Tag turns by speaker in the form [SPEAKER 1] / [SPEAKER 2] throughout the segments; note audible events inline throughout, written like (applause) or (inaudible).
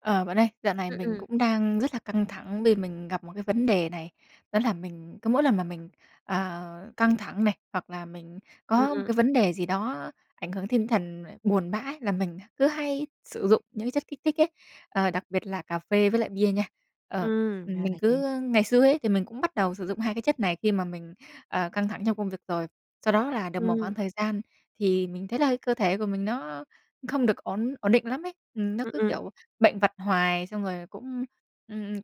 [SPEAKER 1] Ờ, bạn ơi, dạo này
[SPEAKER 2] Ừm,
[SPEAKER 1] mình
[SPEAKER 2] ừm.
[SPEAKER 1] cũng đang rất là căng thẳng vì mình gặp một cái vấn đề này, đó là mình cứ mỗi lần mà mình, ờ, căng thẳng này hoặc là mình
[SPEAKER 2] Ừm,
[SPEAKER 1] có một cái
[SPEAKER 2] ừm.
[SPEAKER 1] vấn đề gì đó ảnh hưởng tinh thần mà buồn bã là mình h cứ hay sử dụng những cái chất kích thích ấy, ờ, đặc biệt là cà phê với lại bia nha. Ờ,
[SPEAKER 2] Ừm,
[SPEAKER 1] ừm,
[SPEAKER 2] ra
[SPEAKER 1] mình
[SPEAKER 2] là vậy.
[SPEAKER 1] cứ ngày xưa ấy thì mình cũng bắt đầu sử dụng 2 cái chất này khi mà mình, ờ, căng thẳng trong công việc rồi, sau đó là được một khoảng
[SPEAKER 2] Ừm.
[SPEAKER 1] thời gian thì mình thấy là cơ thể của mình nó không được ổn ổn định lắm ấy. Ừm, nó
[SPEAKER 2] Ừm,
[SPEAKER 1] cứ,
[SPEAKER 2] ừm.
[SPEAKER 1] kiểu, bệnh vặt hoài, xong rồi cũng, ưm,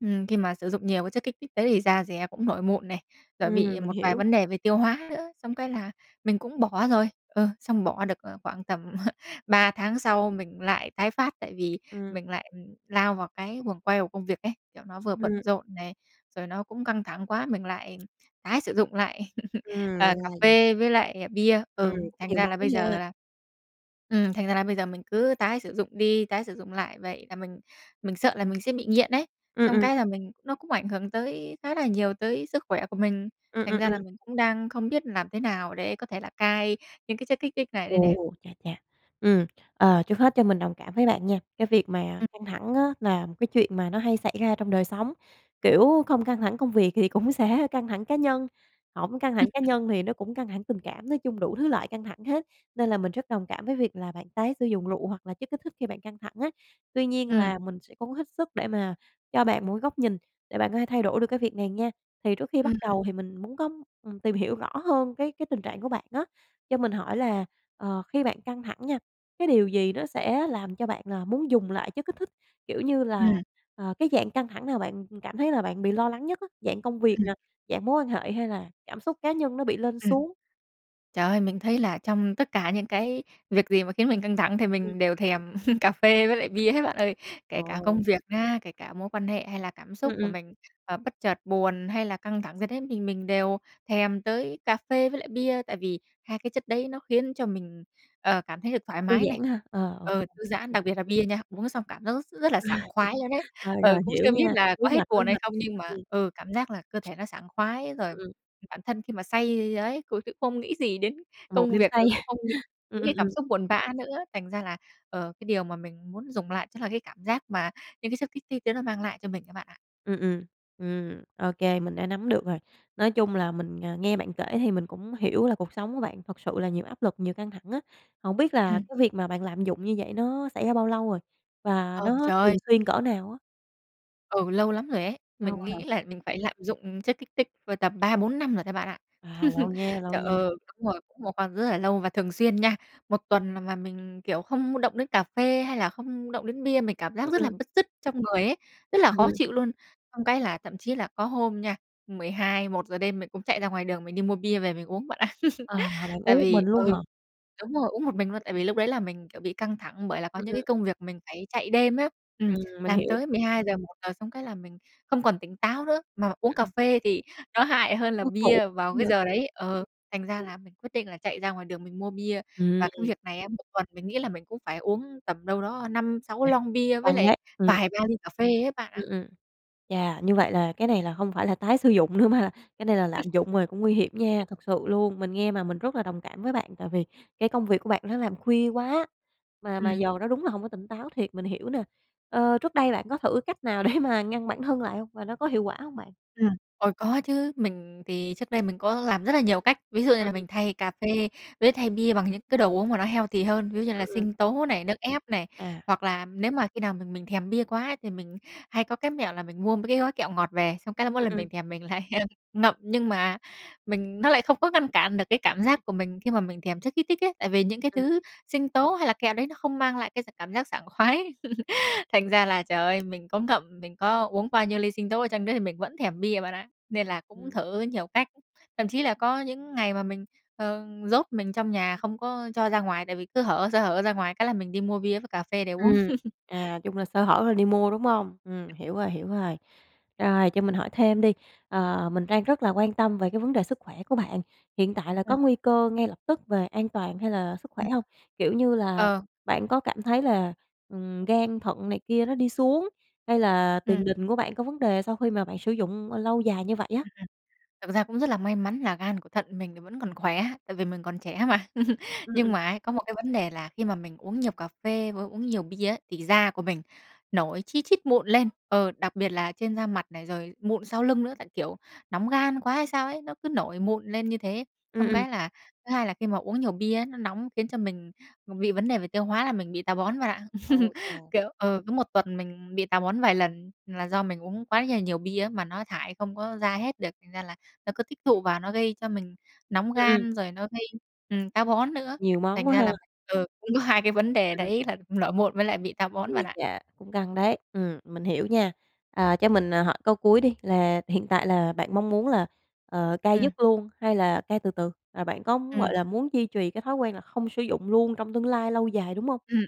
[SPEAKER 1] ừm, khi mà sử dụng nhiều cái chất kích thích đấy thì da dẻ cũng nổi mụn này, rồi
[SPEAKER 2] Ừm,
[SPEAKER 1] bị
[SPEAKER 2] mình
[SPEAKER 1] một vài
[SPEAKER 2] hiểu.
[SPEAKER 1] vấn đề về tiêu hóa nữa, xong cái là mình cũng bỏ rồi. Ừ, xong bỏ được, ờ, khoảng tầm (chuckles) 3 tháng sau mình lại tái phát tại vì
[SPEAKER 2] Ừm.
[SPEAKER 1] mình lại, ừm, lao vào cái guồng quay của công việc ấy, kiểu, nó vừa bận
[SPEAKER 2] Ừm.
[SPEAKER 1] rộn này, rồi nó cũng căng thẳng quá, mình lại tái sử dụng lại, (chuckles)
[SPEAKER 2] Ừm, ra
[SPEAKER 1] ờ, cà
[SPEAKER 2] là vậy.
[SPEAKER 1] phê với lại bia.
[SPEAKER 2] Ừm,
[SPEAKER 1] Ừm,
[SPEAKER 2] cũng
[SPEAKER 1] thành
[SPEAKER 2] nhiều
[SPEAKER 1] ra là
[SPEAKER 2] món
[SPEAKER 1] bây
[SPEAKER 2] nha.
[SPEAKER 1] giờ là ừm, thành ra là bây giờ mình cứ tái sử dụng đi, tái sử dụng lại vậy, là mình mình sợ là mình sẽ bị nghiện ấy,
[SPEAKER 2] Ừm,
[SPEAKER 1] xong
[SPEAKER 2] ừm.
[SPEAKER 1] cái là mình nó cũng ảnh hưởng tới khá là nhiều tới sức khỏe của mình,
[SPEAKER 2] Ừm,
[SPEAKER 1] thành
[SPEAKER 2] ừm,
[SPEAKER 1] ra
[SPEAKER 2] ừm.
[SPEAKER 1] là mình cũng đang không biết làm thế nào để có thể là cai những cái chất kích thích này đây nè.
[SPEAKER 2] Ồ, chà chà, ừm, ờ, trước hết cho mình đồng cảm với bạn nha, cái việc mà
[SPEAKER 1] Ừm.
[SPEAKER 2] căng thẳng á, là một cái chuyện mà nó hay xảy ra trong đời sống. Kiểu, không căng thẳng công việc thì cũng sẽ căng thẳng cá nhân, hổng căng thẳng cá
[SPEAKER 1] (chuckles)
[SPEAKER 2] nhân thì nó cũng căng thẳng tình cảm, nói chung đủ thứ loại căng thẳng hết, nên là mình rất đồng cảm với việc là bạn tái sử dụng rượu hoặc là chất kích thích khi bạn căng thẳng á. Tuy nhiên
[SPEAKER 1] Ừm.
[SPEAKER 2] là mình sẽ cố hết sức để mà cho bạn một cái góc nhìn để bạn có thể thay đổi được cái việc này nha. Thì trước khi bắt
[SPEAKER 1] Ừm.
[SPEAKER 2] đầu thì mình muốn có, ừm, tìm hiểu rõ hơn cái cái tình trạng của bạn á, cho mình hỏi là, ờ, khi bạn căng thẳng nha, cái điều gì nó sẽ làm cho bạn là muốn dùng lại chất kích thích? Kiểu như là,
[SPEAKER 1] Ừm.
[SPEAKER 2] à, cái dạng căng thẳng nào bạn, ừm, cảm thấy là bạn bị lo lắng nhất á, dạng công việc
[SPEAKER 1] Ừm.
[SPEAKER 2] nè, dạng mối quan hệ hay là cảm xúc cá nhân nó bị lên
[SPEAKER 1] Ừm.
[SPEAKER 2] xuống?
[SPEAKER 1] Trời ơi, mình thấy là trong tất cả những cái việc gì mà khiến mình căng thẳng thì
[SPEAKER 2] Ừm.
[SPEAKER 1] mình đều thèm (chuckles) cà phê với lại bia hết bạn ơi, kể cả công
[SPEAKER 2] Ồ.
[SPEAKER 1] việc nhá, kể cả mối quan hệ hay là cảm xúc
[SPEAKER 2] Ừm,
[SPEAKER 1] của
[SPEAKER 2] ừm.
[SPEAKER 1] mình, ờ, bất chợt buồn hay là căng thẳng gì đấy mình mình đều thèm tới cà phê với lại bia. Tại vì 2 cái chất đấy nó khiến cho mình, ờ, cảm thấy được thoải
[SPEAKER 2] Thư
[SPEAKER 1] mái này,
[SPEAKER 2] giãn ha, ờ, OK,
[SPEAKER 1] ờ,
[SPEAKER 2] ừm,
[SPEAKER 1] thư giãn,
[SPEAKER 2] ừm.
[SPEAKER 1] đặc biệt là bia nha, uống xong cảm giác rất rất là sảng khoái luôn đấy,
[SPEAKER 2] (chuckles) Rồi,
[SPEAKER 1] ờ,
[SPEAKER 2] rồi,
[SPEAKER 1] cũng
[SPEAKER 2] hiểu
[SPEAKER 1] chưa biết
[SPEAKER 2] nha,
[SPEAKER 1] là
[SPEAKER 2] lúa
[SPEAKER 1] có hết
[SPEAKER 2] mạch, lúa
[SPEAKER 1] buồn hay
[SPEAKER 2] mạch.
[SPEAKER 1] không nhưng mà
[SPEAKER 2] Ừm.
[SPEAKER 1] ừ, cảm giác là cơ thể nó sảng khoái rồi,
[SPEAKER 2] Ừm,
[SPEAKER 1] ừm,
[SPEAKER 2] ừm.
[SPEAKER 1] bản thân khi mà say ấy cũng không nghĩ gì đến
[SPEAKER 2] Một
[SPEAKER 1] công
[SPEAKER 2] đêm
[SPEAKER 1] việc
[SPEAKER 2] say.
[SPEAKER 1] rồi cũng
[SPEAKER 2] (chuckles)
[SPEAKER 1] không nghĩ
[SPEAKER 2] Ừm,
[SPEAKER 1] những
[SPEAKER 2] ừm,
[SPEAKER 1] cái cảm
[SPEAKER 2] ừm.
[SPEAKER 1] xúc buồn bã nữa. Thành ra là, ờ, cái điều mà mình muốn dùng lại chắc là cái cảm giác mà những cái chất thích đấy nó mang lại cho mình ấy bạn ạ.
[SPEAKER 2] Ừm, ừm. Ừm, OK, mình đã nắm được rồi, nói chung là mình, à, nghe bạn kể thì mình cũng hiểu là cuộc sống của bạn thật sự là nhiều áp lực nhiều căng thẳng á. Hổng biết là
[SPEAKER 1] Ừm.
[SPEAKER 2] cái việc mà bạn lạm dụng như vậy nó xảy ra bao lâu rồi? Và
[SPEAKER 1] Ờ,
[SPEAKER 2] nó
[SPEAKER 1] trời ơi!
[SPEAKER 2] thường xuyên cỡ nào á?
[SPEAKER 1] Ừ, lâu lắm rồi ấy,
[SPEAKER 2] Lâu
[SPEAKER 1] mình
[SPEAKER 2] hả?
[SPEAKER 1] nghĩ là mình phải lạm dụng, ừm, chất kích thích vào tầm 3, 4 năm rồi đấy bạn ạ.
[SPEAKER 2] À, lâu nha,
[SPEAKER 1] (chuckles)
[SPEAKER 2] lâu
[SPEAKER 1] Trời
[SPEAKER 2] nha.
[SPEAKER 1] ơi, đúng rồi, một phần rất là lâu và thường xuyên nha, một tuần là mà mình, kiểu, không động đến cà phê hay là không động đến bia mình cảm giác
[SPEAKER 2] Ưm,
[SPEAKER 1] rất là
[SPEAKER 2] ừm.
[SPEAKER 1] bứt rứt trong người ấy, rất là khó
[SPEAKER 2] Ừm.
[SPEAKER 1] chịu luôn. Xong cái là thậm chí là có hôm nha, 12, 1:00 đêm mình cũng chạy ra ngoài đường mình đi mua bia về mình uống bạn ạ. (chuckles)
[SPEAKER 2] À, là bạn
[SPEAKER 1] Tại
[SPEAKER 2] uống một mình
[SPEAKER 1] vì
[SPEAKER 2] luôn
[SPEAKER 1] ừ,
[SPEAKER 2] hả?
[SPEAKER 1] đúng rồi, uống một mình luôn, tại
[SPEAKER 2] Ừm.
[SPEAKER 1] vì lúc đấy là mình, kiểu, bị căng thẳng bởi là có
[SPEAKER 2] Ừm,
[SPEAKER 1] những cái
[SPEAKER 2] ừm.
[SPEAKER 1] công việc mình phải chạy đêm á, ừm,
[SPEAKER 2] Ừm, mình
[SPEAKER 1] làm
[SPEAKER 2] hiểu.
[SPEAKER 1] tới 12:00, 1:00 xong cái là mình không còn tỉnh táo nữa, mà uống cà
[SPEAKER 2] Ừm.
[SPEAKER 1] phê thì nó hại hơn là
[SPEAKER 2] Ôi, khổ
[SPEAKER 1] bia vào cái
[SPEAKER 2] vậy.
[SPEAKER 1] giờ đấy. Ờ, thành ra
[SPEAKER 2] Ừm.
[SPEAKER 1] là mình quyết định là chạy ra ngoài đường mình mua bia. Và cái
[SPEAKER 2] Ừm.
[SPEAKER 1] việc này á, một tuần mình nghĩ là mình cũng phải uống tầm đâu đó 5, 6
[SPEAKER 2] Chà,
[SPEAKER 1] lon bia với
[SPEAKER 2] căng
[SPEAKER 1] lại
[SPEAKER 2] đấy, ừm.
[SPEAKER 1] vài ba ly cà phê ấy bạn ạ.
[SPEAKER 2] Ừm, ừm, chà, như vậy là cái này là không phải là tái sử dụng nữa mà là cái này là lạm dụng rồi cũng nguy hiểm nha,
[SPEAKER 1] (chuckles)
[SPEAKER 2] thực sự luôn. Mình nghe mà mình rất là đồng cảm với bạn, tại vì cái công việc của bạn nó làm khuya quá, mà mà
[SPEAKER 1] Ừm.
[SPEAKER 2] giờ nó đúng là hông có tỉnh táo thiệt, mình hiểu nè. Ơ, trước đây bạn có thử cách nào để mà ngăn bản thân lại hông? Và nó có hiệu quả hông bạn?
[SPEAKER 1] Ừm, ôi, có chứ. Mình thì trước đây mình có làm rất là nhiều cách, ví dụ như
[SPEAKER 2] Ừ,
[SPEAKER 1] là
[SPEAKER 2] ừm.
[SPEAKER 1] mình thay cà phê với thay bia bằng những cái đồ uống mà nó healthy hơn, ví dụ như là
[SPEAKER 2] Ừm, ừm.
[SPEAKER 1] sinh tố này, nước ép này.
[SPEAKER 2] À.
[SPEAKER 1] Hoặc là nếu mà khi nào mà mình thèm bia quá ấy, thì mình hay có cái mẹo là mình mua mấy cái gói kẹo ngọt về, xong cái là mỗi
[SPEAKER 2] Ừm,
[SPEAKER 1] lần
[SPEAKER 2] ừm.
[SPEAKER 1] mình thèm mình lại, ơ, ngậm. Nhưng mà mình nó lại không có ngăn cản được cái cảm giác của mình khi mà mình thèm chất kích thích ấy, tại vì những cái
[SPEAKER 2] Ừm.
[SPEAKER 1] thứ sinh tố hay là kẹo đấy nó không mang lại cái s cảm giác sảng khoái. (laughs) Thành ra là, trời ơi, mình có ngậm, mình có uống bao nhiêu ly sinh tố chăng nữa thì mình vẫn thèm bia bạn ạ, nên là cũng
[SPEAKER 2] Ừm.
[SPEAKER 1] thử nhiều cách, thậm chí là có những ngày mà mình, ờ, ừm, nhốt mình trong nhà không có cho ra ngoài, tại vì cứ hở sơ hở ra ngoài cái là mình đi mua bia với cà phê để uống.
[SPEAKER 2] Ừm,
[SPEAKER 1] (chuckles)
[SPEAKER 2] à, chung là sơ hở là đi mua, đúng hông? Ừm, hiểu rồi, hiểu rồi. Rồi, cho mình hỏi thêm đi, ờ, mình đang rất là quan tâm về cái vấn đề sức khỏe của bạn, hiện tại là
[SPEAKER 1] Ừm.
[SPEAKER 2] có nguy cơ ngay lập tức về an toàn hay là sức
[SPEAKER 1] Ừm.
[SPEAKER 2] khỏe hông? Kiểu như là,
[SPEAKER 1] Ờ.
[SPEAKER 2] bạn có cảm thấy là, ừm, gan thận này kia nó đi xuống hay là tiền
[SPEAKER 1] Ừm.
[SPEAKER 2] đình của bạn có vấn đề sau khi mà bạn sử dụng, ờ, lâu dài như vậy
[SPEAKER 1] Ừm,
[SPEAKER 2] á?
[SPEAKER 1] ừm, thực ra cũng rất là may mắn là gan của thận mình thì vẫn còn khỏe, tại vì mình còn trẻ mà. (chuckles)
[SPEAKER 2] Ừm,
[SPEAKER 1] Nhưng
[SPEAKER 2] ừm.
[SPEAKER 1] mà ấy, có một cái vấn đề là khi mà mình uống nhiều cà phê với uống nhiều bia á, thì da của mình nổi chi chít mụn lên, ờ, đặc biệt là trên da mặt này rồi mụn sau lưng nữa, tại, kiểu, nóng gan quá hay sao ấy, nó cứ nổi mụn lên như thế.
[SPEAKER 2] Ừm,
[SPEAKER 1] Xong
[SPEAKER 2] ừm.
[SPEAKER 1] cái là, thứ hai là khi mà uống nhiều bia á, nó nóng khiến cho mình b bị vấn đề về tiêu hóa là mình bị táo bón bạn ạ. (chuckles)
[SPEAKER 2] OK.
[SPEAKER 1] Kiểu ừ, cứ 1 tuần mình bị táo bón vài lần là do mình uống quá nhà nhiều bia á, mà nó thải không có ra hết được, thành ra là nó cứ tích tụ vào nó gây cho mình nóng
[SPEAKER 2] Ừm, ừm.
[SPEAKER 1] gan rồi nó gây, ừm, táo bón nữa.
[SPEAKER 2] Nhiều món
[SPEAKER 1] Thành
[SPEAKER 2] quá
[SPEAKER 1] ra
[SPEAKER 2] ha.
[SPEAKER 1] là ừ, cũng có 2 cái vấn đề
[SPEAKER 2] Ừm.
[SPEAKER 1] đấy, là nổi mụn với lại bị táo bón bạn
[SPEAKER 2] Ui
[SPEAKER 1] ạ.
[SPEAKER 2] chà, cũng căng đấy, ừm, mình hiểu nha. À, cho mình, à, hỏi câu cuối đi là hiện tại là bạn mong muốn là, ờ, cai
[SPEAKER 1] Ừm.
[SPEAKER 2] dứt luôn hay là cai từ từ? Là bạn có muốn, gọi
[SPEAKER 1] Ừm.
[SPEAKER 2] là, muốn duy trì cái thói quen là không sử dụng luôn trong tương lai lâu dài, đúng hông?
[SPEAKER 1] Ừm, ừm.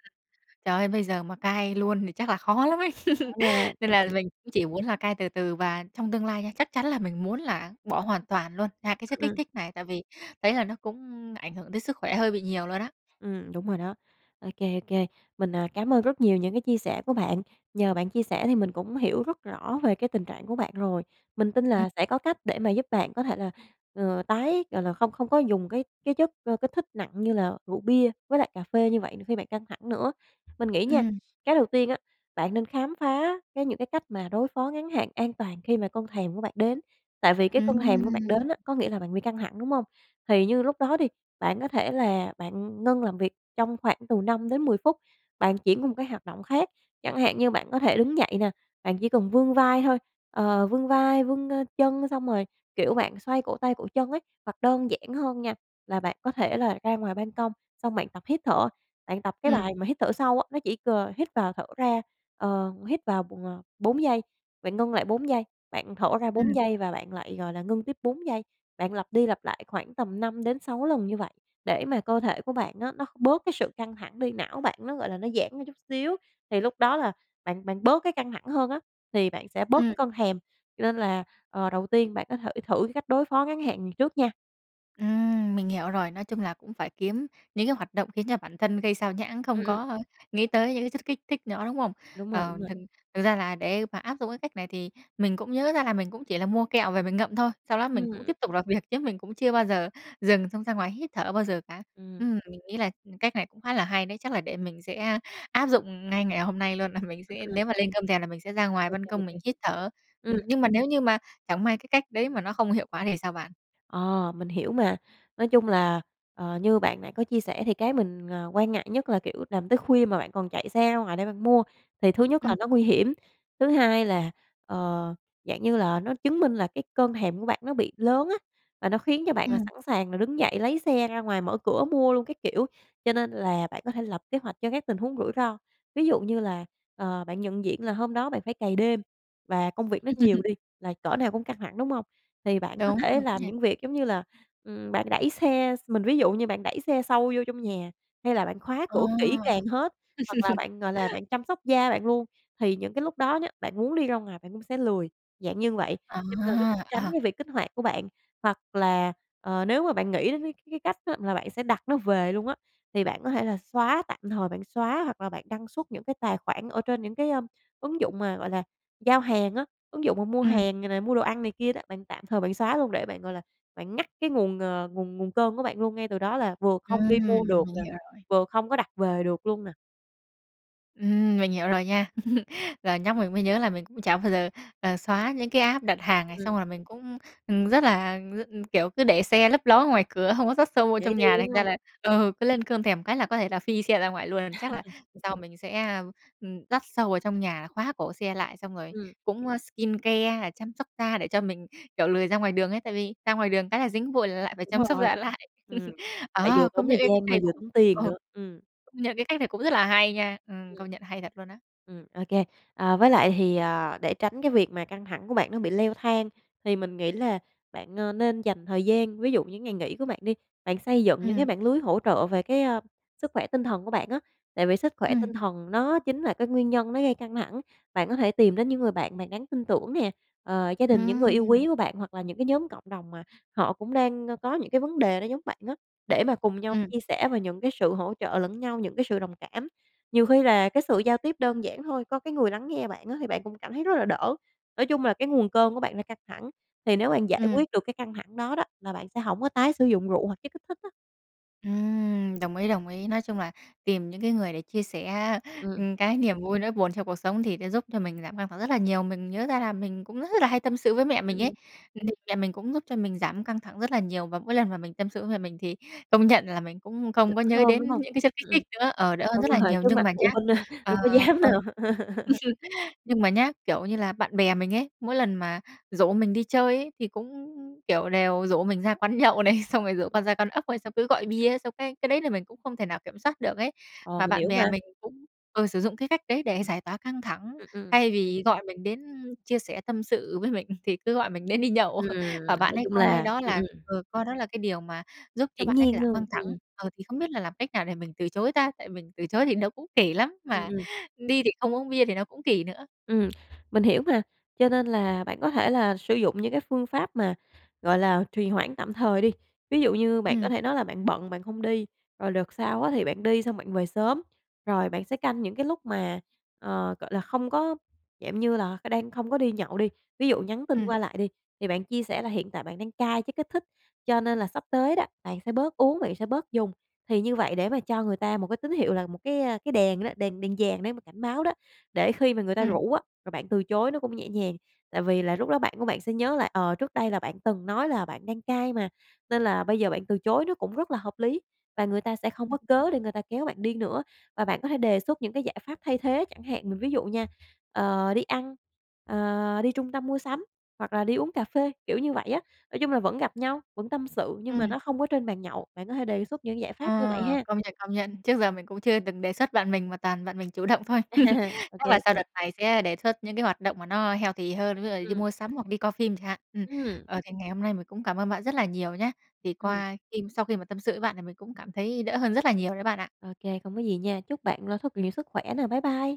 [SPEAKER 1] Trời ơi, bây giờ mà cai luôn thì chắc là khó lắm ấy,
[SPEAKER 2] Khó
[SPEAKER 1] (chuckles)
[SPEAKER 2] nha.
[SPEAKER 1] nên
[SPEAKER 2] Ờ,
[SPEAKER 1] là
[SPEAKER 2] ừm.
[SPEAKER 1] mình cũng chỉ uống là cai từ từ và trong tương lai nha, chắc chắn là mình muốn là bỏ hoàn toàn luôn, xa cái chất kích
[SPEAKER 2] Ừm.
[SPEAKER 1] thích này, tại vì thấy là nó cũng ảnh hưởng tới sức khỏe hơi bị nhiều luôn á.
[SPEAKER 2] Ừm, đúng rồi đó. OK, OK. Mình, à, cám ơn rất nhiều những cái chia sẻ của bạn, nhờ bạn chia sẻ thì mình cũng hiểu rất rõ về cái tình trạng của bạn rồi. Mình tin
[SPEAKER 1] Ừm.
[SPEAKER 2] là sẽ có cách để mà giúp bạn có thể là, ờ, tái gọi là, không không có dùng cái cái chất, ơ, kích thích nặng như là rượu bia với lại cà phê như vậy khi bạn căng thẳng nữa. Mình nghĩ nha,
[SPEAKER 1] Ừm.
[SPEAKER 2] cái đầu tiên á, bạn nên khám phá, cái, những cái cách mà đối phó ngắn hạn an toàn khi mà cơn thèm của bạn đến, tại vì cái cơn thèm của bạn
[SPEAKER 1] Ừm.
[SPEAKER 2] đến á, có nghĩa là bạn bị căng thẳng, đúng hông? Thì như lúc đó đi, bạn có thể là bạn ngưng làm việc trong khoảng từ 5-10 phút, bạn chuyển qua một cái hoạt động khác, chẳng hạn như bạn có thể đứng dậy nè, bạn chỉ cần vươn vai thôi, ờ, vươn vai, vươn, ơ, chân xong rồi, kiểu, bạn xoay cổ tay, cổ chân ấy. Hoặc đơn giản hơn nha, là bạn có thể là ra ngoài ban công xong bạn tập hít thở, bạn tập cái
[SPEAKER 1] Ừm.
[SPEAKER 2] bài mà hít thở sâu á. Nó chỉ c hít vào thở ra, ờ, hít vào bụng, ờ, 4 giây, bạn ngưng lại 4 giây, bạn thở ra 4
[SPEAKER 1] Ừm.
[SPEAKER 2] giây và bạn lại, gọi là, ngưng tiếp 4 giây. Bạn lặp đi lặp lại khoảng tầm 5-6 lần như vậy, để mà cơ thể của bạn á, nó bớt cái sự căng thẳng đi, não bạn nó, gọi là, nó giãn ra chút xíu, thì lúc đó là bạn bạn bớt cái căng thẳng hơn á, thì bạn sẽ bớt
[SPEAKER 1] Ừm.
[SPEAKER 2] cái cơn thèm. Cho nên là, ờ, đầu tiên bạn có thể thử cái cách đối phó ngắn hạn này trước nha.
[SPEAKER 1] Ừm, mình hiểu rồi, nói chung là cũng phải kiếm những cái hoạt động khiến cho bản thân gây xao nhãng, không
[SPEAKER 2] Ừm, ừm.
[SPEAKER 1] có nghĩ tới những cái chất kích thích nữa, đúng không?
[SPEAKER 2] Đúng rồi, đúng
[SPEAKER 1] Ờ,
[SPEAKER 2] rồi.
[SPEAKER 1] thực thực ra là để mà áp dụng cái cách này, thì mình cũng nhớ ra là mình cũng chỉ là mua kẹo về mình ngậm thôi, sau đó mình cũng
[SPEAKER 2] Ừm.
[SPEAKER 1] tiếp tục làm việc chứ mình cũng chưa bao giờ dừng xong ra ngoài hít thở bao giờ cả.
[SPEAKER 2] Ừm.
[SPEAKER 1] Ừm, mình nghĩ là, ừm, cách này cũng khá là hay đấy, chắc là để mình sẽ áp dụng ngay ngày hôm nay luôn, là mình sẽ
[SPEAKER 2] Ừm.
[SPEAKER 1] nếu mà lên cơn thèm, là mình sẽ ra ngoài
[SPEAKER 2] Ô
[SPEAKER 1] ban
[SPEAKER 2] kê, ô
[SPEAKER 1] công
[SPEAKER 2] kê.
[SPEAKER 1] mình hít thở. Ừm,
[SPEAKER 2] Ừm.
[SPEAKER 1] nhưng mà nếu như mà chẳng may cái cách đấy mà nó không hiệu quả thì sao bạn?
[SPEAKER 2] Ờ, mình hiểu mà. Nói chung là, ờ, như bạn nãy có chia sẻ, thì cái mình, ờ, quan ngại nhất là, kiểu, làm tới khuya mà bạn còn chạy xe ra ngoài đấy bạn mua, thì thứ nhất là
[SPEAKER 1] Ừm.
[SPEAKER 2] nó nguy hiểm. Thứ hai là, ờ, dạng như là, nó chứng minh là cái cơn thèm của bạn nó bị lớn á, và nó khiến cho bạn là
[SPEAKER 1] Ừm.
[SPEAKER 2] sẵn sàng là đứng dậy, lấy xe ra ngoài mở cửa mua luôn các kiểu. Cho nên là bạn có thể lập kế hoạch cho các tình huống rủi ro, ví dụ như là, ờ, bạn nhận diện là hôm đó bạn phải cày đêm, và công việc nó nhiều
[SPEAKER 1] (laughs)
[SPEAKER 2] đi, là cỡ nào cũng căng thẳng, đúng hông? Thì bạn có
[SPEAKER 1] Đúng,
[SPEAKER 2] thể
[SPEAKER 1] đúng
[SPEAKER 2] làm
[SPEAKER 1] nha.
[SPEAKER 2] những việc, giống như là, ừm, bạn đẩy xe x mình ví dụ như bạn đẩy xe sâu vô trong nhà, hay là bạn khóa
[SPEAKER 1] Ồ!
[SPEAKER 2] cửa kỹ càng hết, hoặc là
[SPEAKER 1] (laughs)
[SPEAKER 2] bạn, gọi là, bạn chăm sóc da bạn luôn. Thì những cái lúc đó nhá, bạn muốn đi ra ngoài bạn cũng sẽ lười, dạng như vậy,
[SPEAKER 1] À,
[SPEAKER 2] cho nên nó cũng tránh
[SPEAKER 1] à.
[SPEAKER 2] cái việc kích hoạt của bạn. Hoặc là, ờ, nếu mà bạn nghĩ đến cái cái cách đó là bạn sẽ đặt nó về luôn á, thì bạn có thể là xóa tạm thời bạn xóa, hoặc là bạn đăng xuất những cái tài khoản ở trên những cái, ờm, ứng dụng mà, gọi là, giao hàng á, ứng dụng mà mua
[SPEAKER 1] Ừm.
[SPEAKER 2] hàng này nè, mua đồ ăn này kia đó, bạn tạm thời bạn xóa luôn. Để bạn, gọi là, bạn ngắt cái nguồn, ờ, nguồn nguồn cơn của bạn luôn ngay từ đó, là vừa không
[SPEAKER 1] Ừm,
[SPEAKER 2] đi mua được
[SPEAKER 1] mình
[SPEAKER 2] nè,
[SPEAKER 1] hiểu rồi.
[SPEAKER 2] vừa không có đặt về được luôn nè.
[SPEAKER 1] Ừm, mình hiểu rồi nha. (chuckles) Giờ nhắc mình mới nhớ là mình cũng chả bao giờ, ờ, xóa những cái app đặt hàng này. Xong
[SPEAKER 2] Ừm.
[SPEAKER 1] rồi mình cũng, ừm, rất là r ừm, kiểu, cứ để xe lấp ló ngoài cửa, hông có dắt sâu vô
[SPEAKER 2] Dễ
[SPEAKER 1] trong
[SPEAKER 2] đi,
[SPEAKER 1] nhà, thành
[SPEAKER 2] đúng
[SPEAKER 1] ra
[SPEAKER 2] hông?
[SPEAKER 1] là ừ, cứ lên cơn thèm cái là có thể là phi xe ra ngoài luôn. Chắc là
[SPEAKER 2] (chuckles)
[SPEAKER 1] sau mình sẽ, ơm, ừm, dắt sâu vào trong nhà là khóa cổ xe lại, xong rồi
[SPEAKER 2] Ừm.
[SPEAKER 1] cũng, ơ, skincare hay là chăm sóc da để cho mình, kiểu, lười ra ngoài đường ấy, tại vì ra ngoài đường cái là dính bụi lại phải
[SPEAKER 2] Đúng
[SPEAKER 1] chăm sóc
[SPEAKER 2] rồi.
[SPEAKER 1] da lại.
[SPEAKER 2] Ừm.
[SPEAKER 1] (chuckles)
[SPEAKER 2] Lại vừa
[SPEAKER 1] Ờ, công
[SPEAKER 2] tốn
[SPEAKER 1] nhận,
[SPEAKER 2] thời
[SPEAKER 1] ê, cách
[SPEAKER 2] gian mà
[SPEAKER 1] này
[SPEAKER 2] vừa
[SPEAKER 1] cũng
[SPEAKER 2] tốn tiền
[SPEAKER 1] ờ,
[SPEAKER 2] nữa, ừm.
[SPEAKER 1] công nhận cái cách này cũng rất là hay nha, ừm,
[SPEAKER 2] Ừm.
[SPEAKER 1] công nhận hay thật luôn á.
[SPEAKER 2] Ừm, okay. À, với lại thì, à, để tránh cái việc mà căng thẳng của bạn nó bị leo thang thì mình nghĩ là bạn, ơ, nên dành thời gian, ví dụ những ngày nghỉ của bạn đi, bạn xây dựng những cái
[SPEAKER 1] Ừm.
[SPEAKER 2] mạng lưới hỗ trợ về cái, a, sức khỏe tinh thần của bạn á, tại vì sức khỏe
[SPEAKER 1] Ừm.
[SPEAKER 2] tinh thần nó chính là cái nguyên nhân nó gây căng thẳng. Bạn có thể tìm đến những người bạn bạn đáng tin tưởng nè, ờ, gia đình, những người yêu
[SPEAKER 1] Ừm.
[SPEAKER 2] quý của bạn hoặc là những cái nhóm cộng đồng mà họ cũng đang, ơ, có những cái vấn đề đó giống bạn á, để mà cùng nhau
[SPEAKER 1] Ừm.
[SPEAKER 2] chia sẻ về những cái sự hỗ trợ lẫn nhau, những cái sự đồng cảm. Nhiều khi là cái sự giao tiếp đơn giản thôi, có cái người lắng nghe bạn á thì bạn cũng cảm thấy rất là đỡ. Nói chung là cái nguồn cơn của bạn là căng thẳng, thì nếu bạn giải
[SPEAKER 1] Ừm.
[SPEAKER 2] quyết được cái căng thẳng đó đó, là bạn sẽ hổng có tái sử dụng rượu hoặc chất kích thích á.
[SPEAKER 1] Ừm, đồng ý, đồng ý. Nói chung là tìm những cái người để chia sẻ á,
[SPEAKER 2] Ừm.
[SPEAKER 1] ừm, cái niềm vui nỗi buồn trong cuộc sống thì sẽ giúp cho mình giảm căng thẳng rất là nhiều. Mình nhớ ra là mình cũng rất rất là hay tâm sự với mẹ
[SPEAKER 2] Ừm,
[SPEAKER 1] mình ấy,
[SPEAKER 2] ừm.
[SPEAKER 1] (unintelligible) mẹ mình cũng giúp cho mình giảm căng thẳng rất là nhiều và mỗi lần mà mình tâm sự với mẹ mình thì công nhận là mình cũng không
[SPEAKER 2] Đỡ
[SPEAKER 1] có nhớ
[SPEAKER 2] hơn, đúng
[SPEAKER 1] đến
[SPEAKER 2] hông?
[SPEAKER 1] những cái chất kích
[SPEAKER 2] Ừm,
[SPEAKER 1] thích
[SPEAKER 2] ừm.
[SPEAKER 1] nữa, ờ, đỡ hơn rất là
[SPEAKER 2] Đúng rồi,
[SPEAKER 1] nhiều.
[SPEAKER 2] trước
[SPEAKER 1] Nhưng
[SPEAKER 2] mặt
[SPEAKER 1] mà nhá
[SPEAKER 2] phụ huynh, a,
[SPEAKER 1] ờ,
[SPEAKER 2] đâu có dám
[SPEAKER 1] ơ,
[SPEAKER 2] đâu. (giggles)
[SPEAKER 1] (chuckles) nhưng mà nhá, kiểu như là, bạn bè mình ấy, mỗi lần mà rủ mình đi chơi ấy, thì cũng, kiểu, đều rủ mình ra quán nhậu này, xong rồi rủ qua ra quán ốc ấy, xong cứ gọi bia, xong cái cái đấy là mình cũng không thể nào kiểm soát được ấy.
[SPEAKER 2] Ờ,
[SPEAKER 1] Mà
[SPEAKER 2] mình
[SPEAKER 1] bạn
[SPEAKER 2] hiểu
[SPEAKER 1] bè
[SPEAKER 2] mà.
[SPEAKER 1] mình cũng ờ, sử dụng cái cách đấy để giải tỏa căng thẳng
[SPEAKER 2] Ừm, ừm.
[SPEAKER 1] thay vì gọi mình đến chia sẻ tâm sự với mình thì cứ gọi mình đến đi nhậu
[SPEAKER 2] Ừm,
[SPEAKER 1] (chuckles) và bạn
[SPEAKER 2] nói
[SPEAKER 1] ấy
[SPEAKER 2] chung
[SPEAKER 1] coi
[SPEAKER 2] là
[SPEAKER 1] đó
[SPEAKER 2] ừm,
[SPEAKER 1] là
[SPEAKER 2] ừm.
[SPEAKER 1] ừ, coi đó là cái điều mà giúp cho
[SPEAKER 2] Hiển
[SPEAKER 1] bạn ấy, kiểu,
[SPEAKER 2] nhiên
[SPEAKER 1] giảm
[SPEAKER 2] luôn,
[SPEAKER 1] căng thẳng,
[SPEAKER 2] ừm.
[SPEAKER 1] ờ, thì không biết là làm cách nào để mình từ chối ta, tại mình từ chối thì nó cũng kỳ lắm
[SPEAKER 2] Ừm,
[SPEAKER 1] mà
[SPEAKER 2] ừm.
[SPEAKER 1] đi thì không uống bia thì nó cũng kỳ nữa.
[SPEAKER 2] Ừm, mình hiểu mà, cho nên là bạn có thể là sử dụng những cái phương pháp mà, gọi là, trì hoãn tạm thời đi. Ví dụ như bạn có
[SPEAKER 1] Ừm.
[SPEAKER 2] thể nói là bạn bận bạn không đi, rồi đợt sau á, thì bạn đi xong bạn về sớm, rồi bạn sẽ canh những cái lúc mà, ờ, gọi là, không có dạng như là c đang không có đi nhậu đi, ví dụ nhắn tin
[SPEAKER 1] Ừm.
[SPEAKER 2] qua lại đi thì bạn chia sẻ là hiện tại bạn đang cai chất kích thích cho nên là sắp tới đó bạn sẽ bớt uống, bạn sẽ bớt dùng. Thì như vậy để mà cho người ta một cái tín hiệu là một cái, a,cái đèn đó, đèn đèn vàng để mà cảnh báo đó để khi mà người ta
[SPEAKER 1] Ừm.
[SPEAKER 2] rủ á, và bạn từ chối nó cũng nhẹ nhàng. Tại vì là, lúc đó bạn của bạn sẽ nhớ là, ờ, trước đây là bạn từng nói là bạn đang cai mà nên là bây giờ bạn từ chối nó cũng rất là hợp lý và người ta sẽ không
[SPEAKER 1] Ừm
[SPEAKER 2] có cớ
[SPEAKER 1] (unintelligible)
[SPEAKER 2] để người ta kéo bạn đi nữa và bạn có thể đề xuất những cái giải pháp thay thế chẳng hạn. Mình ví dụ nha, ờ, đi ăn, ờ, đi trung tâm mua sắm hoặc là đi uống cà phê, kiểu, như vậy á. Nói chung là vẫn gặp nhau, vẫn tâm sự nhưng mà
[SPEAKER 1] Ừm.
[SPEAKER 2] nó không có trên bàn nhậu, bạn có thể đề xuất những giải pháp như vậy
[SPEAKER 1] Ờ,
[SPEAKER 2] ha.
[SPEAKER 1] công nhận, công nhận. Trước giờ mình cũng chưa từng đề xuất bạn mình mà toàn bạn mình chủ động thôi. (chuckles)
[SPEAKER 2] (laughs) Ô
[SPEAKER 1] Chắc
[SPEAKER 2] kê,
[SPEAKER 1] là
[SPEAKER 2] ô
[SPEAKER 1] sau
[SPEAKER 2] kê.
[SPEAKER 1] đợt này sẽ đề xuất những cái hoạt động mà nó healthy hơn, ví dụ đi
[SPEAKER 2] Ừm.
[SPEAKER 1] mua sắm hoặc đi coi phim chẳng hạn. Ừm,
[SPEAKER 2] Ừm.
[SPEAKER 1] ờ, thì ngày hôm nay mình cũng cảm ơn bạn rất là nhiều nhá. Thì
[SPEAKER 2] Ừm.
[SPEAKER 1] qua khiêm sau khi mà tâm sự với bạn thì mình cũng cảm thấy đỡ hơn rất là nhiều đấy bạn ạ.
[SPEAKER 2] Ô kê, không có gì nha. Chúc bạn (unintelligible) thật nhiều sức khỏe nè. Bye bye.